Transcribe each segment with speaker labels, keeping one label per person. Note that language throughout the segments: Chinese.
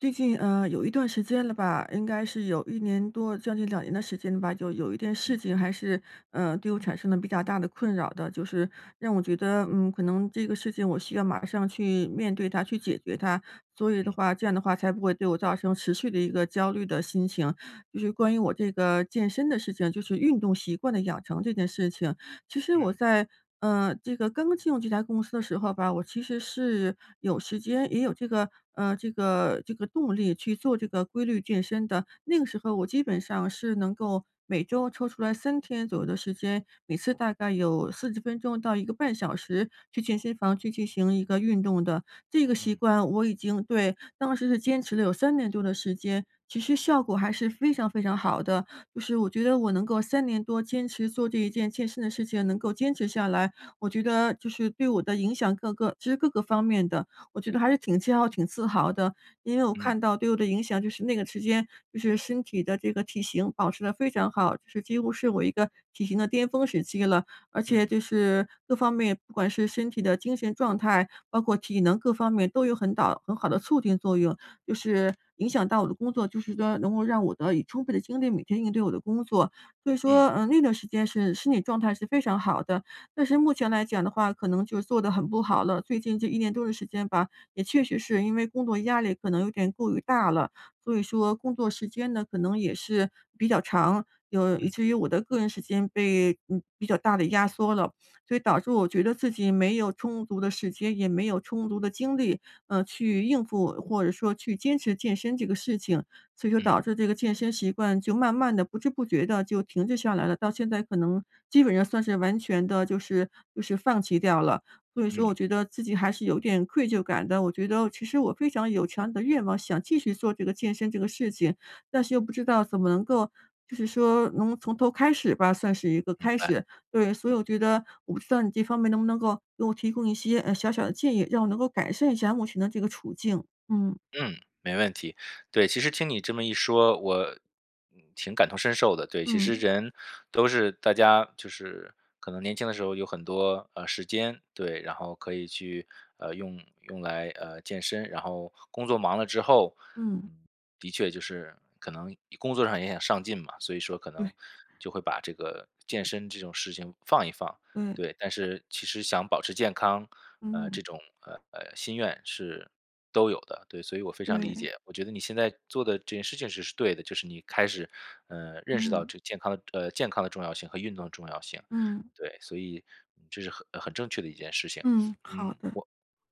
Speaker 1: 最近，呃，有一段时间了吧。应该是有1年多将近2年的时间了吧，就有一件事
Speaker 2: 嗯。
Speaker 1: 情还是，呃，对我产生了比较大的困扰的。就是让我觉得，嗯，可能这个事情我需要马上去面对它，去解决它。所以的
Speaker 2: 嗯。
Speaker 1: 话，这样的话才不会对我造成持续的一个焦虑的心情。就是关于我这个健身的事情，就是运动习惯的养成这件事情。其实我
Speaker 2: 嗯。
Speaker 1: 在，呃，这个刚刚进入这家公司的时候吧，我其实是有时间也有这个呃，这个这个动力去做这个规律健身的。那个时候，我基本上是能够每周抽出来3天左右的时间，每次大概有40分钟到1个半小时，去健身房去进行一个运动的。这个习
Speaker 2: 嗯。
Speaker 1: 惯我已经对，当时是坚持了有3年多的时间，其实效果还是非常非常好的。就是我觉得我能够3年多坚持做这一件健身的事情，能够坚持下来，我觉得，就是对我的影响各个其实各个方面的，我觉得还是挺骄傲、挺自豪的。因为我
Speaker 2: 嗯。
Speaker 1: 看到对我的影响就是，那个时间就是身体的这个体型保持得非常好，就是几乎是我一个体型的巅峰时期了。而且
Speaker 2: 嗯。
Speaker 1: 就是各方面不管是身体的精神状态，包括体能各方面都有很好很好的促进作用。就是影响到我的工作，就是 [unintelligible] 能够让我得以充分的精力每天应对我的工作。所以
Speaker 2: 嗯。
Speaker 1: 说，嗯，那段时间是身体状态是非常好的。但是目前来讲的话，可能就做得很不好了，最近这1年多的时间吧，也确实是因为工作压力可能有点过于大了，所以说工作时间呢，可能也是比较长，有以
Speaker 2: 嗯。
Speaker 1: 至于我的个人时间被，呃，比较大地压缩了。所以导致我觉得自己没有充足的时间，也没有充足的精力，呃，去应付，或者说去坚持健身这个事情。所以说
Speaker 2: 嗯。
Speaker 1: 导致这个健身习惯就慢慢地、不知不觉地就停滞下来了，到现在可能，基本上算是完全地就是就是放弃掉了。所以说
Speaker 2: 嗯。
Speaker 1: 我觉得自己还是有点愧疚感的，我觉得其实我非常有强烈的愿望，想继续做这个健身这个事情，但是又不知道怎么能够，就是说能从头开始吧，算是一个
Speaker 2: 明
Speaker 1: 开
Speaker 2: 白。
Speaker 1: 始。对，所以
Speaker 2: 嗯。
Speaker 1: 我觉得我不知道你这方面能不能够给我给我提供一些，嗯，小小的建议，让我能够改善一下目前的这个处境。嗯。
Speaker 2: 嗯，没问题。对，其实听你这么一说，我，挺感同身受的。对，其实
Speaker 1: 嗯。
Speaker 2: 人，都是大家，就是可能年轻的时候有很多，呃，时间，对，然后可以去，呃，用用来，呃，健身。然后工作忙了之后，
Speaker 1: 嗯。
Speaker 2: 嗯，的确就是可能工作上也很上进嘛，所以说可能，
Speaker 1: 对。
Speaker 2: 就会把这个健身这种事情放一放。
Speaker 1: 对。
Speaker 2: 对，但是其实想保持健康，呃，
Speaker 1: 嗯。
Speaker 2: 这种，呃呃，心愿是都有的。对，所以我非常理
Speaker 1: 对。
Speaker 2: 解，我觉得你现在做的这件事情是对的。就是你开始，呃，认识到
Speaker 1: 嗯。
Speaker 2: 这个健康的，呃健康的重要性和运动的重要性。
Speaker 1: 嗯。
Speaker 2: 对，所以这是很很正确的一件事情。
Speaker 1: 嗯，
Speaker 2: 嗯，
Speaker 1: 好的。
Speaker 2: 我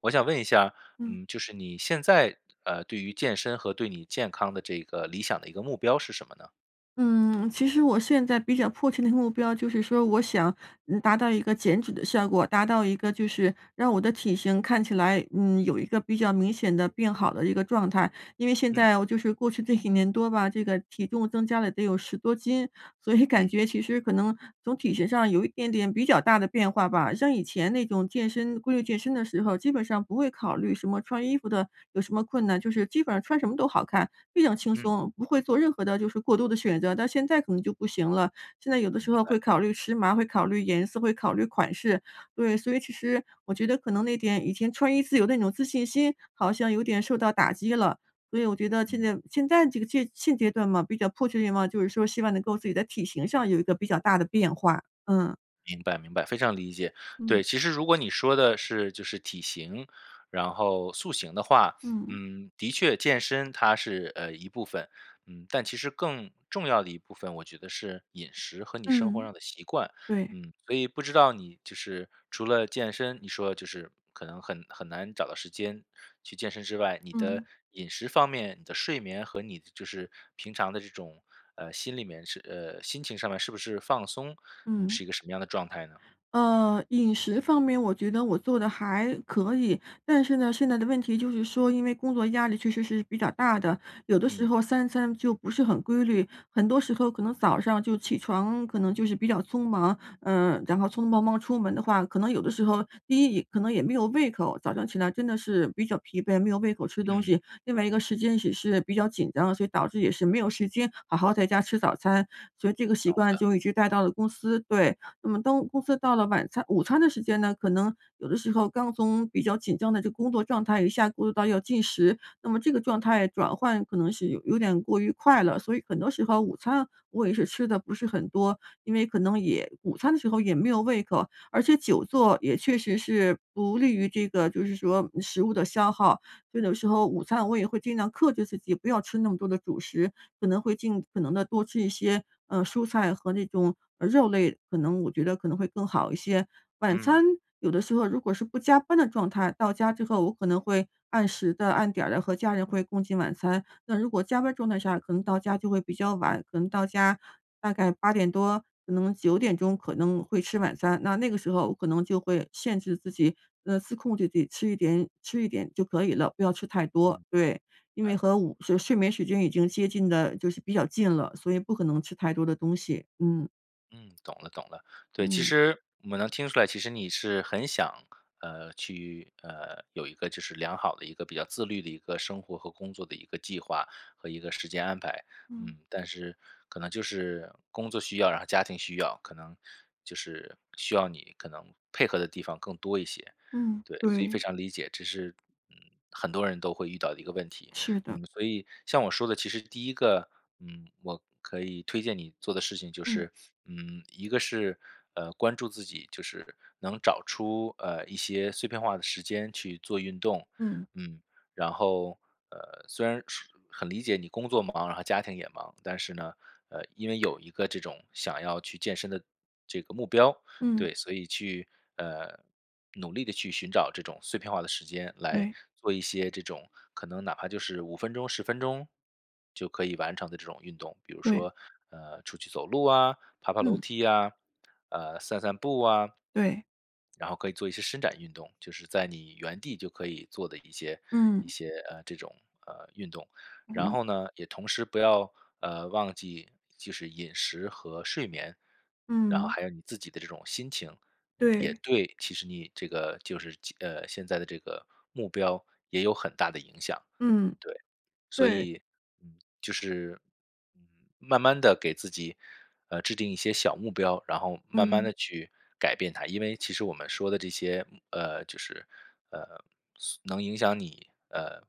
Speaker 2: 我想问一下，
Speaker 1: 嗯。
Speaker 2: 嗯，就是你现在，呃，对于健身和对你健康的这个理想的一个目标是什么呢？
Speaker 1: 嗯，其实我现在比较迫切的目标就是说，我想，嗯，达到一个减脂的效果，达到一个就是让我的体型看起来，嗯，有一个比较明显得变好的一个状态。因为现
Speaker 2: 嗯。
Speaker 1: 在，我就是过去这几年多吧，这个体重增加了得有10多斤，所以感
Speaker 2: 嗯。
Speaker 1: 觉其实可能从体型上有一点点比较大的变化吧。像以前那种健身规律健身的时候，基本上不会考虑什么穿衣服的有什么困难，就是基本上穿什么都好看，非常轻
Speaker 2: 嗯。
Speaker 1: 松，不会做任何的就是过度的选择。但现在可能就不行了，现在有的时
Speaker 2: 明
Speaker 1: 候
Speaker 2: 白。
Speaker 1: 会考虑时髦儿、会考虑颜色、会考虑款式。对，所以其实，我觉得可能那点以前穿衣自由的那种自信心，好像有点受到打击了。所以我觉得现
Speaker 2: 嗯。
Speaker 1: 在现在这个阶现阶段嘛，比较迫切的愿望，就是说希望能够自己在体型上有一个比较大的变化，嗯。
Speaker 2: 明白明白，非常理解。
Speaker 1: 嗯。
Speaker 2: 对，其实如果你说的是就是体型，然后塑形的话，
Speaker 1: 嗯。
Speaker 2: 嗯，的确健身它是，呃，一部分。嗯，但其实更重要的一部分，我觉得是饮食和你生活
Speaker 1: 嗯。
Speaker 2: 上的习惯。
Speaker 1: 对。
Speaker 2: 嗯，所以，不知道你就是，除了健身，你说就是，可能很很难找到时间去健身之外，你的
Speaker 1: 嗯。
Speaker 2: 饮食方面，你的睡眠，和你就是，平常这种，呃，心里面是，呃心情上面，是不是放松？你
Speaker 1: 嗯。
Speaker 2: 是一个什么样的状态呢？
Speaker 1: 呃，饮食方面我觉得我做得还可以。但是呢，现在的问题就是说，因为工作压力确实是比较大的，有的时
Speaker 2: 嗯。
Speaker 1: 候三餐就不是很规律。很多时候可能早上就起床可能就是比较匆忙，呃，然后匆匆忙忙出门的话，可能有的时候第一，可能也没有胃口，早上起来真的是比较疲惫，没有胃口吃东
Speaker 2: 嗯。
Speaker 1: 西。另外一个时间也是比较紧张，所以导致也是没有时间好好在家吃早餐，所以这个习
Speaker 2: 懂
Speaker 1: 惯
Speaker 2: 的。
Speaker 1: 就一直带到了公司。对，那么当公司到了晚餐午餐的时间呢，可能有的时候刚从比较紧张的这工作状态一下步入到要进食，那么这个状态转换可能是有有点过于快了。所以很多时候午餐我也是吃得不是很多，因为可能也午餐的时候也没有胃口，而且久坐也确实是不利于这个就是说食物的消耗。所以有时候午餐我也会尽量克制自己，不要吃那么多的主食，可能会尽可能地多吃一些，呃，蔬菜和那种，嗯，肉类，可能我觉得可能会更好一些。晚
Speaker 2: 嗯。
Speaker 1: 餐有的时候如果是不加班的状态，到家之后我可能会按时地按点儿地和家人会共进晚餐，那如果加班儿状态下，可能到家比较晚，可能到家大概8:00多、可能9:00可能会吃晚餐。那那个时候我可能就会限制自己，呃，自控地自己吃一点吃一点就可以了，不要吃太
Speaker 2: 嗯，
Speaker 1: 多。
Speaker 2: 明
Speaker 1: 对，因为
Speaker 2: 白。
Speaker 1: 和午睡眠时间已经接近得就是比较近了，所以不可能吃太多的东西。嗯。
Speaker 2: 嗯，懂了懂了。对，其
Speaker 1: 嗯。
Speaker 2: 实我能听出来，其实你是很想，呃，去，呃，有一个就是良好的一个比较自律的一个生活和工作的一个计划，和一个时间安排。
Speaker 1: 嗯。
Speaker 2: 嗯，但是可能就是工作需要，然后家庭需要，可能，就是需要你可能配合的地方更多一些。
Speaker 1: 嗯，
Speaker 2: 对，所以非
Speaker 1: 对。
Speaker 2: 常理解。这是，嗯，很多人都会遇到的一个问题，
Speaker 1: 是的。
Speaker 2: 嗯，所以像我说的其实第一个，嗯，我可以推荐你做的事情就
Speaker 1: 嗯。
Speaker 2: 是，嗯，一个是呃关注自己，就是能找出，呃，一些碎片化的时间去做运动。
Speaker 1: 嗯。
Speaker 2: 嗯，然后，呃，虽然是很理解你工作忙，然后家庭也忙，但是呢，呃，因为有一个这种想要去健身的这个目标。
Speaker 1: 嗯。
Speaker 2: 对，所以去，呃，努力地去寻找这种碎片化的时间，来
Speaker 1: 对。
Speaker 2: 做一些这种，可能哪怕就是5分钟、10分钟，就可以完成的这种运动。比如
Speaker 1: 对。
Speaker 2: 说，呃，出去走路啊、爬爬楼
Speaker 1: 嗯。
Speaker 2: 梯啊，呃，散散步啊。
Speaker 1: 对。
Speaker 2: 然后可以做一些伸展运动，就是在你原地就可以做的，一些一
Speaker 1: 嗯。
Speaker 2: 些，呃，这种，呃，运动。然
Speaker 1: 嗯。
Speaker 2: 后呢，也同时不要，呃，忘记就是饮食和睡眠，然后
Speaker 1: 嗯。
Speaker 2: 还有你自己的这种心情，嗯，也
Speaker 1: 对。
Speaker 2: 对其实你这个就是其呃，现在的这个目标也有很大的影响。
Speaker 1: 嗯。
Speaker 2: 对。所
Speaker 1: 对。
Speaker 2: 以，嗯，就是慢慢地给自己，呃，制定一些小目标，然后慢慢
Speaker 1: 嗯。
Speaker 2: 地去改变它。因为其实我们说的这些，嗯呃，就是，呃，所能影响你，呃，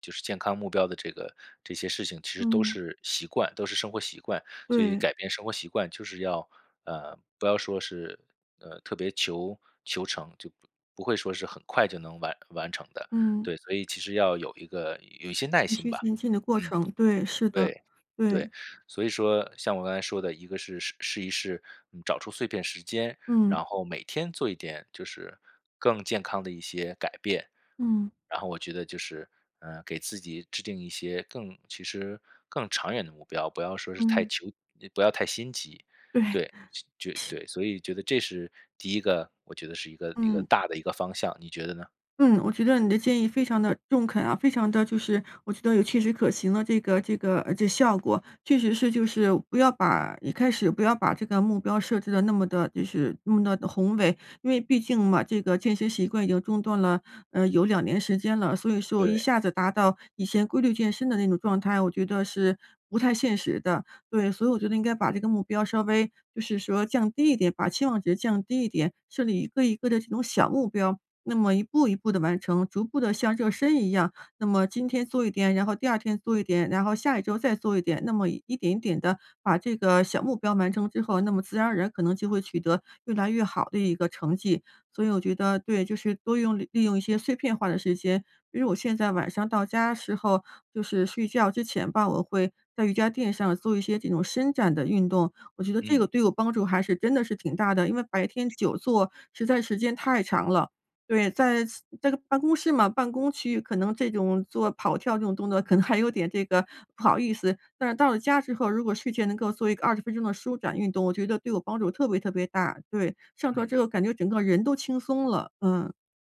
Speaker 2: 就是健康目标的这个这些事情，其实都
Speaker 1: 嗯。
Speaker 2: 是习惯都是生活习惯，所以
Speaker 1: 对。
Speaker 2: 改变生活习惯就是要，呃，不要说是，呃，特别求求成，就不不会说是很快就能完完成的。
Speaker 1: 嗯。
Speaker 2: 对，所以其实要有一个有一些耐
Speaker 1: 循
Speaker 2: 心
Speaker 1: 序
Speaker 2: 吧。
Speaker 1: 渐进的过
Speaker 2: 嗯。
Speaker 1: 程。对，是的，
Speaker 2: 对，对。
Speaker 1: 对。
Speaker 2: 所以说像我刚才说的，一个是试试一试，嗯，找出碎片时间，
Speaker 1: 嗯。
Speaker 2: 然后每天做一点，就是更健康的一些改变。
Speaker 1: 嗯。
Speaker 2: 然后我觉得就是，呃，给自己制定一些更其实，更长远的目标，不要说是太
Speaker 1: 嗯。
Speaker 2: 求不要太心急。对，
Speaker 1: 对。
Speaker 2: 就就对，所以觉得这是第一个，我觉得是一个一个
Speaker 1: 嗯。
Speaker 2: 大的一个方向。你觉得呢？
Speaker 1: 嗯，我觉得你的建议非常的中肯啊，非常的就是，我觉得有切实可行的这个这个，呃，这效果。确实是就是，不要把一开始不要把这个目标设置得那么的就是那么的宏伟，因为毕竟嘛，这个健身习惯已经中断了，嗯，有2年时间了。所以说一
Speaker 2: 对。
Speaker 1: 下子达到，以前规律健身的那种状态，我觉得是不太现实的。对，所以我觉得应该把这个目标稍微，就是说降低一点，把期望值降低一点，设立一个一个这种小目标，那么一步一步地完成，逐步地像热身一样。那么今天做一点，然后第2天做一点，然后下一周再做一点。那么一点一点地把这个小目标完成之后，那么自然而然可能就会取得越来越好的一个成绩。所以我觉得，对，就是多用利用一些碎片化的时间，比如我现在晚上到家时候，就是睡觉之前吧，我会在瑜伽垫上做一些这种伸展的运动，我觉得这个
Speaker 2: 嗯。
Speaker 1: 对我帮助还是真的是挺大的，因为白天久坐，实在时间太长了。对，在在办公室嘛，办公区可能这种做跑跳这种动作可能还有点这个不好意思。但是到了家之后，如果睡前能够做一个20分钟的舒展运动，我觉得对我帮助特别特别大。对，上床之
Speaker 2: 嗯。
Speaker 1: 后感觉整个人都轻松了，嗯。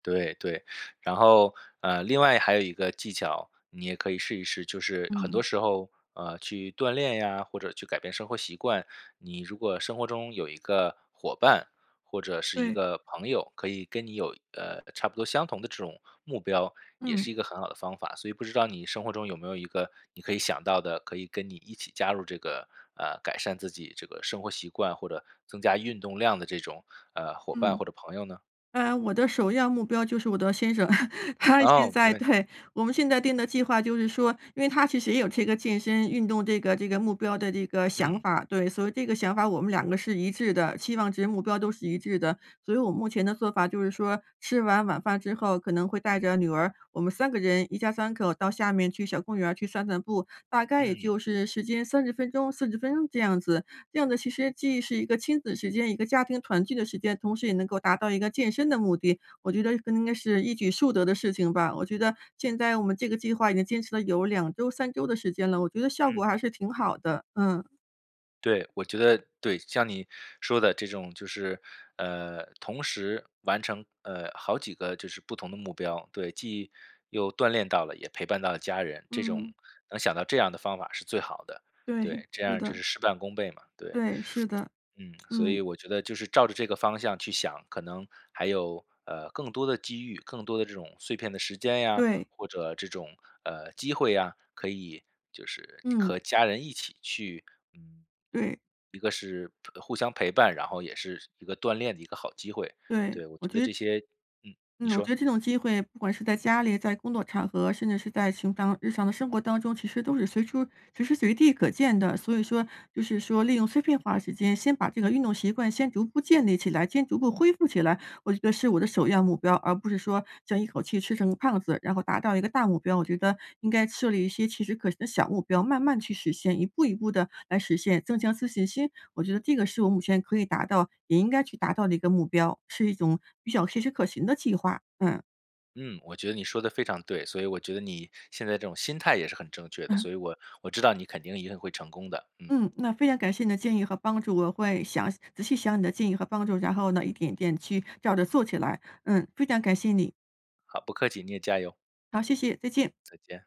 Speaker 2: 对对。然后，呃，另外还有一个技巧，你也可以试一试，就是很多
Speaker 1: 嗯。
Speaker 2: 时候，呃，去锻炼呀，或者去改变生活习惯，你如果生活中有一个伙伴，或者是一
Speaker 1: 对。
Speaker 2: 个朋友，可以跟你有，呃，差不多相同的这种目标，也
Speaker 1: 嗯。
Speaker 2: 是一个很好的方法。所以不知道你生活中有没有一个你可以想到的，可以跟你一起加入这个，呃，改善自己这个生活习惯或者增加运动量的这种，呃，伙伴
Speaker 1: 嗯。
Speaker 2: 或者朋友呢？
Speaker 1: 呃，我的首要目标就是我的先生。他现
Speaker 2: 哦！没
Speaker 1: 在
Speaker 2: 问题。
Speaker 1: 对，我们现在定的计划就是说因为他其实也有这个健身运动这个这个目标的这个想
Speaker 2: 嗯。
Speaker 1: 法。对，所以这个想法我们两个是一致的，期望值目标都是一致的。所以我目前的做法就是说吃完晚饭之后，可能会带着女儿我们3个人，一家三口到下面去小公园儿去散散步，大概也
Speaker 2: 嗯。
Speaker 1: 就是时间30分钟、40分钟这样子。这样的其实既是一个亲子时间，一个家庭团聚的时间，同时也能够达到一个健身的目的，我觉得这个应该是一举数得的事情吧。我觉得现在我们这个计划已经坚持了有2周、3周的时间了，我觉得效
Speaker 2: 嗯。
Speaker 1: 果还是挺好的，嗯。
Speaker 2: 对，我觉得对，像你说的这种就是，呃，同时完成，呃，好几个就是不同的目标。对，既又锻炼到了，也陪伴到了家人。这种
Speaker 1: 嗯。
Speaker 2: 能想到这样的方法是最好的。
Speaker 1: 对，
Speaker 2: 对，这
Speaker 1: 是
Speaker 2: 样就是
Speaker 1: 的。
Speaker 2: 事半功倍嘛，对。
Speaker 1: 对，是的。
Speaker 2: 嗯，所
Speaker 1: 嗯。
Speaker 2: 以我觉得就是照着这个方向去想，可能还有，呃，更多的机遇，更多的这种碎片的时间呀，
Speaker 1: 对。
Speaker 2: 或者这种，呃，机会呀，可以就是
Speaker 1: 嗯。
Speaker 2: 和家人一起去嗯，
Speaker 1: 对。
Speaker 2: 一个是互相陪伴，然后也是一个锻炼的一个好机会，
Speaker 1: 对，
Speaker 2: 对。我
Speaker 1: 我
Speaker 2: 觉得
Speaker 1: 觉得
Speaker 2: 这些嗯，你
Speaker 1: 嗯，我觉
Speaker 2: 说。
Speaker 1: 得这种机会不管是在家里、在工作场合，甚至是在寻常日常的生活当中，其实都是随处随时随地可见的。所以说就是说利用碎片化的时间，先把这个运动习惯先逐步建立起来，先逐步恢复起来，我觉得是我的首要目标。而不是将一口气吃成个胖子，然后达到一个大目标。我觉得应该设立一些切实可行的小目标，慢慢去实现，一步一步地来实现，增强自信心。我觉得这个是我目前可以达到，也应该去达到的一个目标，是一种比较切实可行的计划，嗯。
Speaker 2: 嗯，我觉得你说得非常对。所以我觉得你现在这种心态也是很正确的，所以我我知道你肯定一定会成功的。嗯。
Speaker 1: 嗯，那非常感谢你的建议和帮助。我会想仔细想你的建议和帮助，然后呢一点一点去照着做起来。嗯，非常感谢你。
Speaker 2: 好，不客气，你也加油。
Speaker 1: 好，谢谢。再见。
Speaker 2: 再见。